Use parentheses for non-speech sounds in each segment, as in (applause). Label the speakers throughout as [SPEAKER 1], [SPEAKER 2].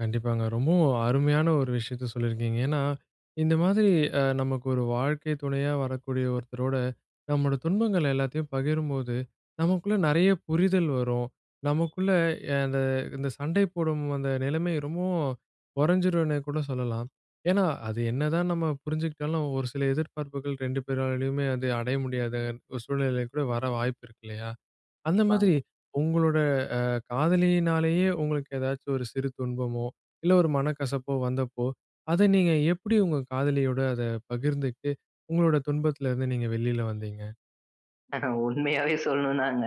[SPEAKER 1] கண்டிப்பாங்க. ரொம்பவும் அருமையான ஒரு விஷயத்த சொல்லிருக்கீங்க. ஏன்னா, இந்த மாதிரி அ நமக்கு ஒரு வாழ்க்கை துணையா வரக்கூடிய ஒருத்தரோட, நம்மோட துன்பங்கள் எல்லாத்தையும் பகிரும்போது, நமக்குள்ள நறைய புரிதல் வரும். நமக்குள்ள, எ அந்த, அந்த சண்டை போடும் அந்த நெலமை ரொம்பவும் கொறஞ்சுரும்னே கூட சொல்லலாம். ஏன்னா, அது என்னதான் நம்ம புரிஞ்சுட்டாலும் ஒரு சில எதிர்பார்ப்புகள் 2 பேராலயுமே வந்து அடைய முடியாதன் சூழ்நிலை கூட வர வாய்ப்பிருக்கு இல்லையா? அந்த
[SPEAKER 2] கண்டிப்பாங்க.
[SPEAKER 1] மாதிரி, உங்களோட அ காதலியினாலயே உங்களுக்கு ஏதாச்சும் ஒரு சிறு துன்பமோ, இல்ல ஒரு மனக்கசப்போ வந்தப்போ, அத நீங்க எப்டி உங்க காதலியோட அத பகிர்ந்துட்டு உங்களோட துன்பத்துலருந்து நீங்க வெளில வந்தீங்க?
[SPEAKER 2] உண்மையாவே சொல்லணும்னாங்க,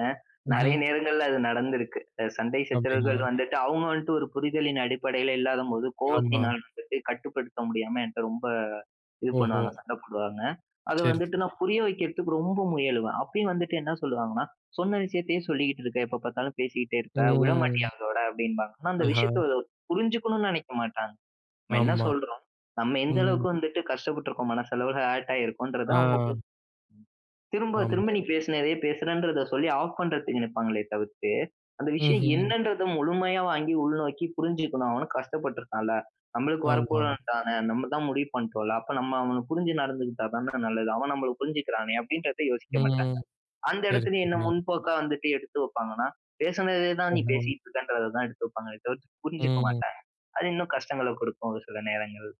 [SPEAKER 2] நறைய
[SPEAKER 1] ம்ஹ்ம்.
[SPEAKER 2] நேரங்கள்ல அது நடந்திருக்கு. அ சண்டை சச்சரவுகள்
[SPEAKER 1] அப்டிங்களா?
[SPEAKER 2] வந்துட்டு அவங்க வந்ட்டு ஒரு புரிதலின் அடிப்படைல இல்லாத போது, கோபத்தினால
[SPEAKER 1] ஆமாம்.
[SPEAKER 2] வந்துட்டு கட்டுப்படுத்த முடியாம என்ட்ட ரொம்ப இது
[SPEAKER 1] ஓஹோ!
[SPEAKER 2] பண்ணுவாங்க, சண்ட போடுவாங்க. அத
[SPEAKER 1] சேரி,
[SPEAKER 2] வந்துட்டு
[SPEAKER 1] சேரி.
[SPEAKER 2] நான் புரிய வைக்கிறதுக்கு ரொம்ப முயலுவேன். அப்பயும் வந்துட்டு என்ன சொல்லுவாங்கன்னா, சொன்ன விஷயத்தையே சொல்லிகிட்டு இருக்க, எப்ப பாத்தாலும் பேசிக்ட்டே இருக்க,
[SPEAKER 1] ம்.
[SPEAKER 2] விடமாட்டியா அதோட அப்டின்பாங்க. ஆனா அந்த
[SPEAKER 1] ஆஹா!
[SPEAKER 2] விஷயத்த புரிஞ்சுக்கணும்னு நெனைக்க மாட்டாங்க. நம்ம என்ன
[SPEAKER 1] ஆமா.
[SPEAKER 2] சொல்றோம், நம்ம எந்த
[SPEAKER 1] ம்.
[SPEAKER 2] அளவுக்கு வந்துட்டு கஷ்டப்பட்ருக்கோம், மனசளவுல ஹர்ட் ஆகியிருக்கோம்ன்றத அவங்க
[SPEAKER 1] ஆ.
[SPEAKER 2] பு திரும்ப, திரும்ப
[SPEAKER 1] ஆமாங்க.
[SPEAKER 2] நீ பேசுனதையே பேசுறேன்றத சொல்லி ஆஃப் பண்றதுக்கு நிப்பாங்களே தவிர்த்து அந்த விஷயம்
[SPEAKER 1] ம்ஹ்ம்.
[SPEAKER 2] என்னன்றத முழுமையா வாங்கி உள்நோக்கி புரிஞ்சுக்கணும், அவனும் கஷ்டப்பட்ருக்கான்ல, நம்மளுக்கு
[SPEAKER 1] ஆமாம்.
[SPEAKER 2] வரப்போறவன்தானே, நம்மதான் முடிவு பண்ட்டோம்ல, அப்ப நம்ம அவன புரிஞ்சு நடந்துக்ட்டாதான நல்லது, அவன் நம்மள புரிஞ்சுக்கிறானே, அப்டின்றத யோசிக்க மாட்டாங்க.
[SPEAKER 1] ம்.
[SPEAKER 2] அந்த
[SPEAKER 1] சரி,
[SPEAKER 2] எடத்திலயும் என்ன
[SPEAKER 1] (unintelligible)
[SPEAKER 2] முன்போக்கா வந்துட்டு எடுத்து வைப்பாங்கன்னா, பேசுனதையே தான் நீ
[SPEAKER 1] ஆமாம்.
[SPEAKER 2] பேசிக்கிட்ருக்கன்றத தான் எடுத்து வைப்பாங்களே தவிர்த்து புரிஞ்சுக்க
[SPEAKER 1] ம்.
[SPEAKER 2] மாட்டாங்க. அது இன்னும் கஷ்டங்கள குடுக்கும் ஒரு சில நேரங்கள்.